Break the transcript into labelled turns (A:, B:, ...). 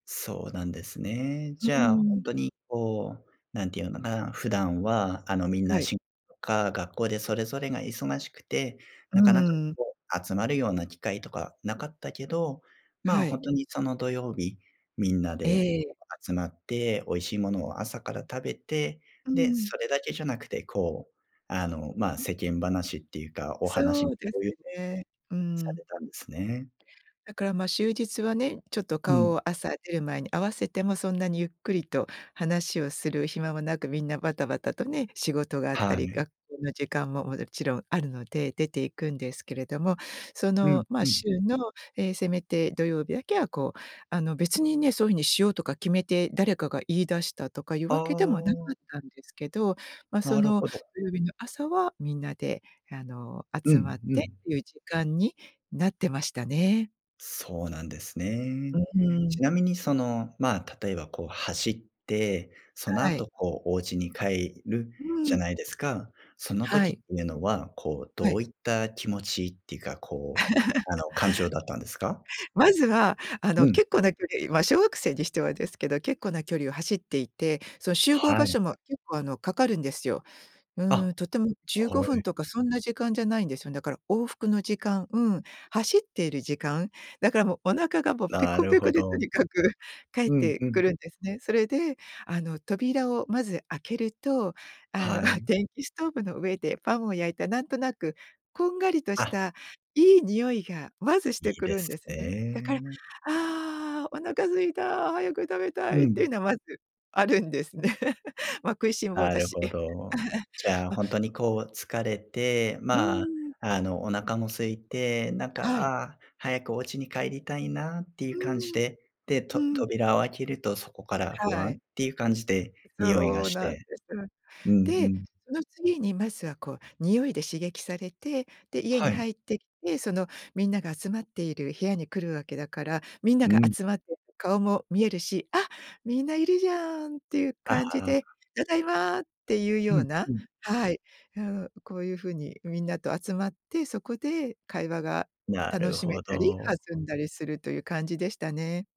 A: そうなんですね。
B: う
A: じ
B: ー
A: ゃあ、ほん
B: ん。
A: とに、こう、なんて言うのかな、普段は、あの、みん
B: は
A: な、
B: い。
A: しか、学校でそれぞれが忙しくて、
B: う
A: なかなか、
B: ーん。
A: こう、集まるような機会とかなかったけど、まあ、
B: は
A: ほん
B: い。
A: とに、その土曜日、みんなで
B: ええ。
A: 集まって、美味しいものを朝から食べて、
B: うー
A: で、
B: ん。
A: それだけじゃなくて、こう、あの、まあ、世間話っていうか、お話、
B: そうです
A: 共有
B: ね、うー
A: さ
B: ん。
A: れたんですね。
B: だから、ま、週日はね、ちょっと
A: う
B: 顔
A: ん。
B: を、朝出る前に合わせてもそんなにゆっくりと話をする暇もなく、みんなバタバタとね、仕事があった
A: は
B: り、
A: い。
B: 学校の時間ももちろんあるので、出ていくんですけれども、そ
A: うん
B: の、まあ、
A: うん。
B: 週の、ええ、せめて土曜日だけは、こうあの、別にね、そお風にしようとか決めて誰かが言い出したとかゆう
A: あ
B: わけでもなか
A: あ。
B: ったんですけど、ま、
A: な
B: そ
A: る
B: の、
A: ほど。
B: 土曜日の朝は、みんなで、あの、
A: う
B: 集ま
A: ん
B: っ
A: う
B: てって
A: ん。
B: ゆう時間になってましたね。
A: そうなんですね。
B: うん、うー
A: ち
B: ん。
A: なみに、その、まあ、例えば、こう、走って、その
B: はい。
A: 後、こう、おうちに帰る
B: う
A: じ
B: ー
A: ゃ
B: ん。
A: ないですか。その
B: は
A: 時って
B: い。
A: いうのは、こう、
B: は
A: どう
B: い。
A: いった気持ちっていうか、こう、あの、感情だったんですか？
B: まずは、あの、
A: うん。
B: 結構な距離まあ、小学生にしてはですけど、結構な距離を走っていて、その集合場
A: はい。
B: 所も結構、あの、かかるんですよ。う
A: あ、
B: ーん、とてもじゅうご
A: は
B: ふん
A: い。
B: とかそんな時間じゃないんですよ。だから往復の時間、うん、走っている時間。だから、も、お腹がもうペ
A: な
B: コ
A: る
B: ペコ
A: ほ
B: でと
A: ど。
B: にかく帰っ
A: うん
B: て
A: う
B: く
A: ん。
B: るんですね。それで、あの、扉をまず開けると、あの、
A: は い。
B: 電気ストーブの上でパンを焼いた、なんとなくこんがりとし
A: あ。
B: たいい匂いがまずし
A: い
B: て
A: い
B: く
A: で
B: るん
A: す
B: です
A: ね
B: ね。だから、
A: え。
B: 「ああ、お腹空いた、早く食べた
A: う
B: い」って
A: ん。
B: いうの、まず、あるんですね。ま、食いしん坊
A: な
B: だ
A: る
B: し。
A: ほ
B: え。
A: ど。じゃあ、
B: ま
A: ほんとに、こう、疲れて、
B: うー
A: まあ、
B: ん。
A: あの、お腹も空いて、なんか、
B: はい。
A: 「ああ、早くおうちに帰りたいな」っていう
B: う
A: 感じ
B: ーん。
A: で、で、と
B: うん。
A: 扉を開けると、そこから、ふ
B: は
A: わんっ
B: い。
A: ていう感じで匂いが
B: そう
A: し
B: なんで
A: て。
B: す。
A: うんう
B: で、
A: ん。
B: その次に、まずは、こう、匂いで刺激されて、で、家
A: は
B: に
A: い。
B: 入ってきて、その、みんなが集まっている部屋に来るわけだから、みんな
A: う
B: が
A: ん。
B: 集まっていて顔も見えるし、「あ！みんないるじゃん」っていう
A: あ、は
B: 感じ
A: あ。
B: で、「ただいま！」って言うよ
A: う
B: う
A: ん
B: な、
A: うん。
B: はい、うん、こういうふうにみんなと集まって、そこで会話が
A: な
B: 楽
A: る
B: しめ
A: ほ
B: たり、
A: ど。
B: 弾んだりするという感じでしたね。